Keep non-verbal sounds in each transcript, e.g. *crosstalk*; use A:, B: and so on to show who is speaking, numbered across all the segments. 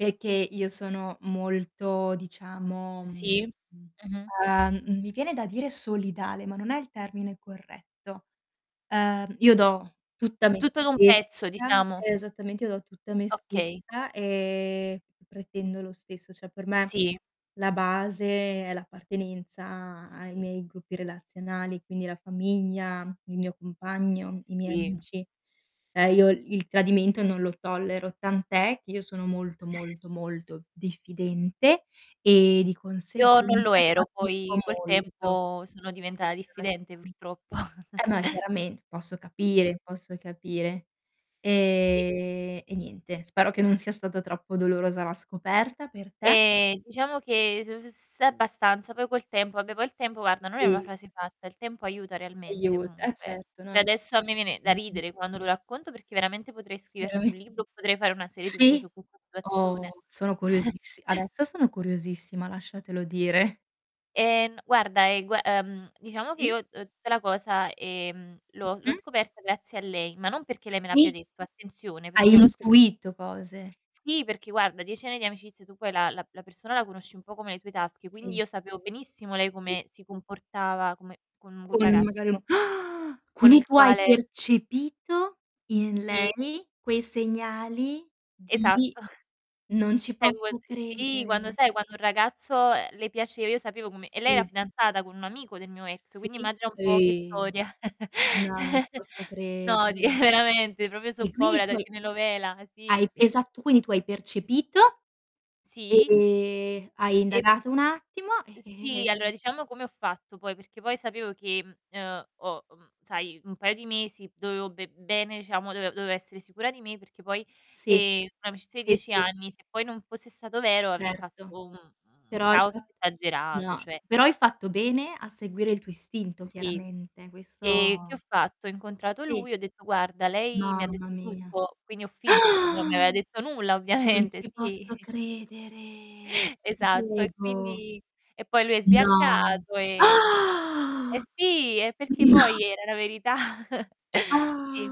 A: Perché io sono molto diciamo, mhmm,
B: Sì. Mh-mh.
A: uhm, mi viene da dire solidale, ma non è il termine corretto. Uhm, io do tutta me
B: Tutto d'un
A: stessa
B: pezzo, diciamo.
A: Eh, esattamente io do tutta me
B: Okay.
A: stessa, e pretendo lo stesso, cioè, per me
B: Sì.
A: la base è l'appartenenza ai
B: Sì.
A: miei gruppi relazionali, quindi la famiglia, il mio compagno, i miei
B: Sì.
A: amici. Eh, io il tradimento non lo tollero, tant'è che io sono molto,
B: *chuckles*
A: molto, molto diffidente, e di
B: Io non lo
A: conseguenza
B: ero
A: fatico
B: poi col
A: molto
B: tempo
A: ad
B: sono
A: avere
B: diventata diffidente
A: relazioni.
B: purtroppo. *chuckles*
A: Per me chiarament posso
B: Sì.
A: capire, posso capire.
B: I
A: E e niente spero che non sia stata troppo dolorosa la scoperta per te.
B: Ehm, diciamo che s uhm, s abbastanza, poi col tempo vabbè poi il tempo guarda non è una
A: I
B: frase fatta, il tempo aiuta realmente
A: Aiuta,
B: comunque, eh.
A: certo
B: Cioè,
A: non
B: adesso a me viene da
A: Mh-mh.
B: ridere quando lo racconto perché veramente potrei scriverci
A: Veramen
B: un libro o potrei fare una serie TV
A: Sì.
B: su questa situazione.
A: Oh, sono
B: *chuckles*
A: curiosissi adesso sono curiosissima lasciatelo dire.
B: Eh, n guarda, ehm, gua ehm, diciamo che
A: Sì.
B: io, uhm, tutta la cosa, ehm, l'ho l'ho
A: Mh-mh.
B: scoperta grazie a lei, ma non perché lei me l'abbia
A: Sì.
B: detto attenzione,
A: Hai
B: perché io l'ho scope
A: intuito cose.
B: Sì, perché guarda 10 anni di amicizia su poi la la persona la conosci un po' come le tue tasche, quindi
A: Sì.
B: io sapevo benissimo lei
A: Sì.
B: come si comportava come con un
A: Con lui
B: ragazzo
A: magari no *gasps*
B: con
A: quindi
B: il
A: tu hai
B: quale
A: percepito in
B: Sì.
A: lei quei segnali di
B: Esatto. *unintelligible*
A: non ci posso
B: Sì, quando
A: credere.
B: sai quando un ragazzo, uhm, le piaceva, io sapevo come e lei era
A: Sì.
B: fidanzata con un amico del mio ex, quindi
A: Sì,
B: immagina un po' che
A: e
B: storia.
A: no, non ci
B: *laughs*
A: posso
B: No, ti
A: credere.
B: veramente, proprio soap
A: E quindi
B: opera
A: tu
B: da
A: hai
B: telenovela,
A: hai
B: sì.
A: esatto, quindi tu hai percepito
B: Sì.
A: e hai
B: E p
A: indagato un attimo, e
B: Sì,
A: e
B: allora diciamo come ho fatto poi, perché poi sapevo che, mhmm, uhm, o mhmm, sai un paio di mesi dovevo be bene diciamo do dovevo essere sicura di me perché poi,
A: Sì,
B: ehm, un'amicizia di
A: sì,
B: 10
A: sì.
B: anni se poi non fosse stato vero avrei
A: Certo.
B: fatto un un
A: Però hai
B: caos
A: fatt
B: esagerato,
A: no,
B: cioè.
A: però hai fatto bene a seguire il tuo istinto
B: Sì.
A: chiaramente,
B: E che ho
A: questo
B: fatto? Ho incontrato
A: Sì.
B: lui e ho detto: "Guarda, lei mi
A: No
B: ha
A: ma
B: detto
A: mia.
B: tutto," quindi ho finto perché non mi aveva
A: *gasps*
B: detto nulla
A: Non
B: ovviamente,
A: ci
B: sì.
A: posso credere. Ti
B: Esatto, e,
A: prego.
B: quindi e poi lui è
A: No.
B: sbiancato, ehm Eh
A: *gasps*
B: sì, è perché
A: No.
B: poi era la verità. *chuckles* Sì,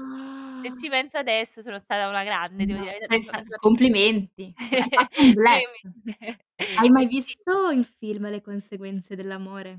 B: se ci penso adesso sono stata una grande devo
A: No,
B: dire la verità
A: sei sta
B: mi fa mi fa p
A: complimenti. Hai
B: *laughs*
A: fatto un
B: Pure
A: bluff.
B: io mi *chuckles*
A: Hai
B: Eh,
A: mai
B: sì.
A: visto il film "Le conseguenze dell'amore"?